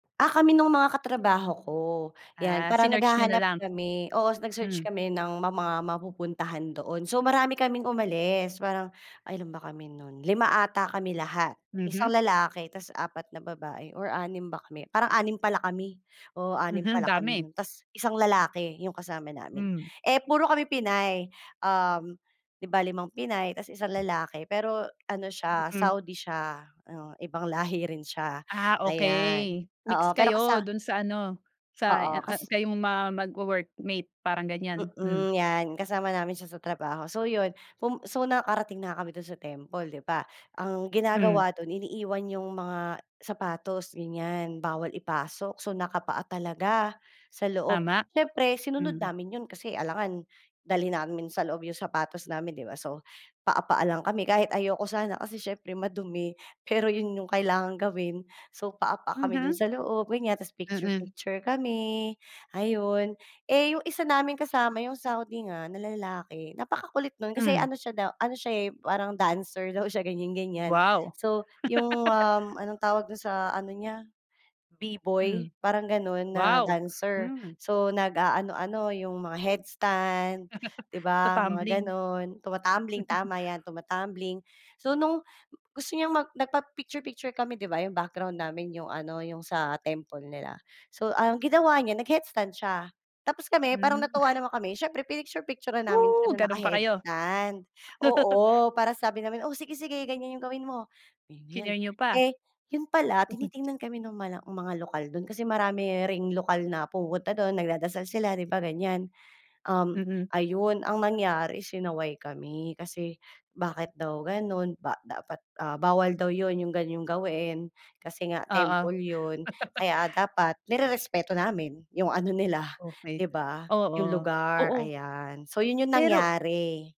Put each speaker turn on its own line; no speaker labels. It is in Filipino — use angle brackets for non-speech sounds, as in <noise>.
Ah, kami no'ng mga katrabaho ko, 'yan
Ah,
parang
sinearch niyo na
naghahanap
lang.
kami, oo, nag-search
Hmm.
kami ng ma mga mapupuntahan doon. So, marami kaming umalis parang ay ilan ba kami no'n, 5 ata kami lahat,
Mhm.
1 lalaki tapos 4 na babae or 6 ba kami, parang 6 pala kami, oo 6
Mhm,
pala kami
dami.
no'n, tas isang lalaki, 'yong kasama namin.
Hmm.
Eh, puro kami Pinay, um, 'di ba, 5 Pinay 'tas isang lalaki, pero ano siya
Mm.
Saudi siya, o ibang lahi rin siya,
Ah,
ayan
okay. Mix
oo, pero
kayo
kasa
do'n sa ano, sa eh,
oo,
ah,
kas
kayong ma magwo-workmate, parang ganiyan, Hmm.
mm, 'yan, kasama namin siya sa trabaho. So 'yon, pum so nakarating na nga kami do'n sa temple, 'di ba, ang
Hmm.
ginagawa do'n iniiwan 'yong mga sapatos, ganiyan, bawal ipasok, so nakapaa talaga, sa loob.
Tama.
Siyempre sinunod
Hmm.
namin 'yon kasi alangan dalhin namin sa loob 'yong sapatos namin, 'di ba, so, paa-paa lang kami kahit ayoko sana kasi siyempre madumi, pero 'yon 'yong kailangang gawin, so paa-paa kami do'n
Mhm.
sa loob, ganiyan, 'tas
Mm.
picture-picture kami, ayon. Eh, 'yong isa naming kasama, 'yong Saudi nga na lalaki, napakakulit no'n kasi
Hmm.
ano siya daw ano siya, eh, parang dancer daw siya ganiyan-ganiyan,
Wow. <laughs>
so 'yong, um, anong tawag do'n sa ano niya, B-boy
Hmm,
parang gano'n na
wow.
dancer,
Mhm.
so nag-aano-ano, 'yong mga headstand, 'di
<chuckles>
ba, mga
Tatambling.
gano'n, tumatambling, tama 'yan,
<chuckles>
tumatambling. So, no'ng m gusto niyang mag nagpapicture-picture kami, 'di ba, 'yong background namin 'yong ano 'yong sa temple nila, so ang ginawa niya nag-headstand siya, tapos kami parang
Hmm. <sneezes>
natuwa naman kami, siyempre pinicture-picturan namin siya
Oh!
na
Gano'n pa kayo.
naka-headstand,
<laughs>
oo, para sabi namin, "O sige-sige, ganiyan 'yong gawin mo, kaya mo 'yan."
Chineer niyo pa.
Eh, 'yon pala
<scoffs>
tinitingnan kami no'ng mala mga lokal do'n kasi marami ring lokal na pumupunta do'n nagdadasal sila, 'di ba, ganiyan, um,
Mm.
ayon, ang nangyari sinaway kami kasi bakit daw gano'n, ba dapat ah, bawal daw 'yon 'yong ganyong gawain kasi nga
Oo.
temple 'yon.
<chuckles>
Kaya dapat nirerespeto namin, 'yong ano nila,
Okay,
'di ba, 'yong
oo.
lugar,
Oo.
ayan. So, 'yon 'yong
Pero
nangyari.